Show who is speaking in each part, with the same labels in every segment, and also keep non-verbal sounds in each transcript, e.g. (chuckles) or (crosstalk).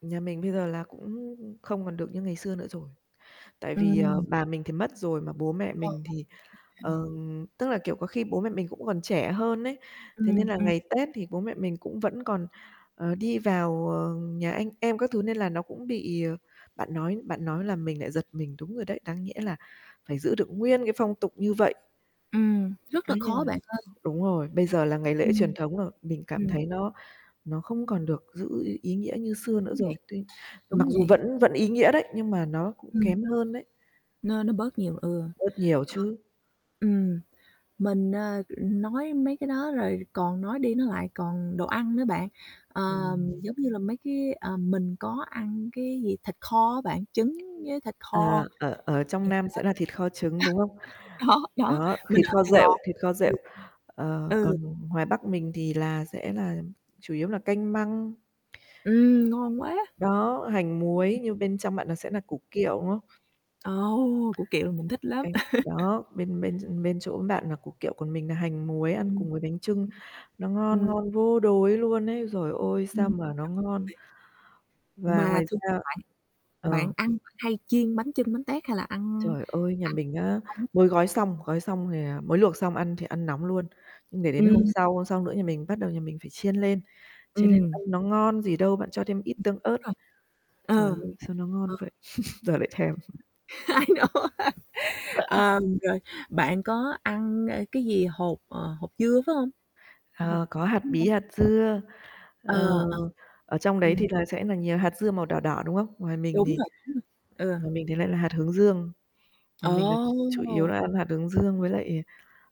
Speaker 1: Nhà mình bây giờ là cũng không còn được như ngày xưa nữa rồi. Tại vì, ờ,
Speaker 2: Ừm.
Speaker 1: bà mình thì mất rồi mà bố mẹ
Speaker 2: Ờ,
Speaker 1: mình thì,
Speaker 2: (unintelligible) Ừm.
Speaker 1: ờm tức là, kiểu, có khi bố mẹ mình cũng còn trẻ hơn ấy, thế nên
Speaker 2: Ừm,
Speaker 1: là
Speaker 2: ừm.
Speaker 1: ngày Tết thì bố mẹ mình cũng vẫn còn, ờ, đi vào, ờ, nhà anh em các thứ nên là nó cũng bị, ờ bạn nói bạn nói làm mình lại giật mình, đúng rồi đấy, đáng nhẽ là phải giữ được nguyên cái phong tục như vậy.
Speaker 2: Ừm, rất là
Speaker 1: Ấy, nên
Speaker 2: khó
Speaker 1: là
Speaker 2: bạn ơi.
Speaker 1: ờ, đúng rồi, bây giờ là ngày lễ truyền
Speaker 2: Ừm.
Speaker 1: thống rồi, mình cảm
Speaker 2: Ừm.
Speaker 1: thấy nó nó không còn được giữ ý ý nghĩa như xưa nữa
Speaker 2: Đúng
Speaker 1: rồi,
Speaker 2: vậy,
Speaker 1: tuy
Speaker 2: đúng
Speaker 1: mặc dù
Speaker 2: vậy.
Speaker 1: vẫn vẫn ý nghĩa đấy nhưng mà nó cũng
Speaker 2: Ừm.
Speaker 1: kém hơn đấy.
Speaker 2: Nó nó bớt nhiều, ừ. Ờ.
Speaker 1: Bớt nhiều chứ.
Speaker 2: Ừm, mình, à, ừm, nói mấy cái đó rồi còn nói đi nói lại, còn đồ ăn nữa bạn, ờm,
Speaker 1: Ừm.
Speaker 2: giống như là mấy cái ờm, mình có ăn cái gì thịt kho á bạn, trứng với thịt kho.
Speaker 1: À, ở ở trong
Speaker 2: Thiệt
Speaker 1: Nam sẽ là thịt kho trứng, đúng không?
Speaker 2: đó. (laughs) Đó, đó,
Speaker 1: Đó,
Speaker 2: mình
Speaker 1: thịt
Speaker 2: ở
Speaker 1: kho
Speaker 2: Sài
Speaker 1: rệu,
Speaker 2: Gòn.
Speaker 1: thịt kho rệu,
Speaker 2: Ừm.
Speaker 1: ờ,
Speaker 2: Ừ.
Speaker 1: còn ngoài Bắc mình thì là, sẽ là chủ yếu là canh măng.
Speaker 2: Ừm, ngon quá!
Speaker 1: Đó, hành muối nhưng bên trong bạn nó sẽ nà củ kiệu, đúng không?
Speaker 2: Ồ, ô! Củ kiệu mình thích lắm.
Speaker 1: Canh đó, bên bên ch
Speaker 2: (chuckles)
Speaker 1: bên chỗ bạn là củ kiệu, còn mình là hành muối ăn
Speaker 2: Ừm.
Speaker 1: cùng với bánh chưng, nó ngon
Speaker 2: Ừm.
Speaker 1: ngon vô đối luôn ấy, dồi ôi! Sao
Speaker 2: Ừm
Speaker 1: mà nó ngon?
Speaker 2: (unintelligible)
Speaker 1: Và
Speaker 2: Mà
Speaker 1: ngoài
Speaker 2: thường (unintelligible)
Speaker 1: ra
Speaker 2: bạn
Speaker 1: ờ.
Speaker 2: bạn ăn bạn hay chiên bánh chưng bánh tét hay là ăn
Speaker 1: Trời ơi, nhà
Speaker 2: ăn
Speaker 1: mình á,
Speaker 2: sống?
Speaker 1: mới gói xong, gói xong thì, à mới luộc xong ăn thì ăn nóng luôn, nhưng để đến hôm
Speaker 2: Ừm
Speaker 1: sau, hôm
Speaker 2: (unintelligible)
Speaker 1: sau nữa nhà mình bắt đầu nhà mình phải chiên lên, chiên lên
Speaker 2: Ừm.
Speaker 1: ăn nó ngon gì đâu, bạn cho thêm ít
Speaker 2: Ừm,
Speaker 1: tương
Speaker 2: đúng
Speaker 1: ớt.
Speaker 2: rồi.
Speaker 1: Trời
Speaker 2: Ờ,
Speaker 1: ơi, sao nó
Speaker 2: ờ.
Speaker 1: ngon vậy? (chuckles) Giờ lại thèm. (chuckles)
Speaker 2: I know. Ờm, rồi, bạn có ăn, ê, cái gì hột, ờ, hột dưa, phải hông? Hột
Speaker 1: Ờ, có hạt
Speaker 2: dưa hả?
Speaker 1: bí, hạt dưa,
Speaker 2: Ờ,
Speaker 1: ờ,
Speaker 2: ờ.
Speaker 1: ở trong đấy thì
Speaker 2: Ừm.
Speaker 1: là sẽ là nhiều hạt dưa màu đỏ đỏ, đúng không? Ngoài mình
Speaker 2: Đúng
Speaker 1: thì
Speaker 2: rồi, đúng rồi, ừ.
Speaker 1: ngoài mình thì lại là hạt hướng dương, ngoài mình là ch chủ yếu
Speaker 2: Ồ!
Speaker 1: là ăn hạt hướng dương với lại,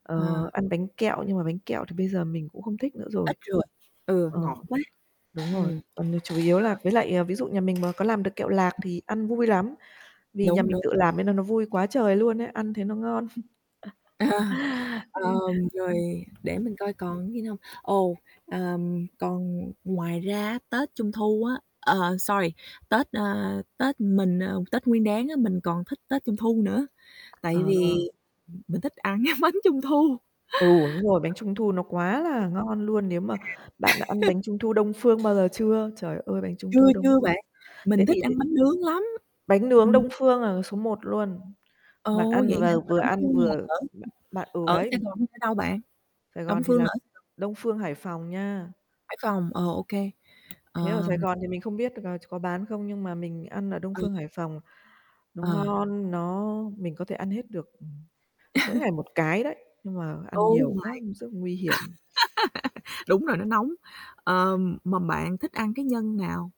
Speaker 1: ờ,
Speaker 2: À.
Speaker 1: ăn bánh kẹo, nhưng mà bánh kẹo thì bây giờ mình cũng không thích nữa rồi.
Speaker 2: Ít rồi, ừ,
Speaker 1: Ờ,
Speaker 2: ngọt quá.
Speaker 1: đúng rồi,
Speaker 2: Ừm.
Speaker 1: còn nếu chủ yếu là
Speaker 2: Ờ.
Speaker 1: với lại, à, ví dụ nhà mình mà có làm được kẹo lạc
Speaker 2: (unintelligible)
Speaker 1: thì ăn vui lắm, vì nhà
Speaker 2: Đúng,
Speaker 1: mình
Speaker 2: đúng.
Speaker 1: tự làm nên nó nó vui quá trời luôn á, ăn thấy nó ngon. (chuckles)
Speaker 2: Ờ,
Speaker 1: Ê.
Speaker 2: ờm, rồi để mình coi còn gì nữa hông? Ồ, ờm, còn ngoài ra á, Tết Trung Thu á, ờ, sorry, Tết, a, Tết mình ờ, Tết Nguyên Đán á, mình còn thích Tết Trung Thu nữa, tại
Speaker 1: Ờ.
Speaker 2: vì mình thích ăn cái bánh Trung Thu.
Speaker 1: Ừ, đúng rồi, bánh Trung Thu nó quá là ngon luôn, nếu mà bạn đã ăn
Speaker 2: Ừ. Trà. (laughs)
Speaker 1: bánh Trung Thu Đông Phương bao giờ chưa? Trời ơi, bánh Trung
Speaker 2: Chưa,
Speaker 1: Thu Đông
Speaker 2: chưa
Speaker 1: Phương.
Speaker 2: bạn,
Speaker 1: Thế
Speaker 2: mình thích
Speaker 1: thì để
Speaker 2: ăn bánh nướng lắm,
Speaker 1: Bánh nướng
Speaker 2: ừm.
Speaker 1: Đông Phương, ờ, số 1 luôn. Bạn
Speaker 2: Ồ!
Speaker 1: ăn
Speaker 2: Vậy
Speaker 1: và
Speaker 2: hả? Mà
Speaker 1: vừa
Speaker 2: Đông
Speaker 1: ăn
Speaker 2: Phương là
Speaker 1: vừa
Speaker 2: ở
Speaker 1: bạn bạn ừ,
Speaker 2: ở
Speaker 1: đấy.
Speaker 2: Sài Gòn hay ở đâu bạn?
Speaker 1: Sài
Speaker 2: Đông
Speaker 1: Gòn thì
Speaker 2: Phương
Speaker 1: là
Speaker 2: là ở (unintelligible)
Speaker 1: Đông Phương, Hải Phòng nha.
Speaker 2: Hải Phòng, ờ, ô kê.
Speaker 1: Thế ở Sài
Speaker 2: Ờm.
Speaker 1: Gòn thì mình không biết được, à, ch có bán không? Nhưng mà mình ăn ở Đông
Speaker 2: Ừm.
Speaker 1: Phương, Hải Phòng nó
Speaker 2: Ờ.
Speaker 1: ngon, nó mình có thể ăn hết được, ừm, mỗi ngày
Speaker 2: (chuckles)
Speaker 1: 1 cái đấy, nhưng mà ăn
Speaker 2: Oh
Speaker 1: nhiều quá
Speaker 2: my
Speaker 1: cũng rất nguy hiểm.
Speaker 2: (laughs) Đúng rồi, nó nóng. Ờm, mà bạn thích ăn cái nhân nào?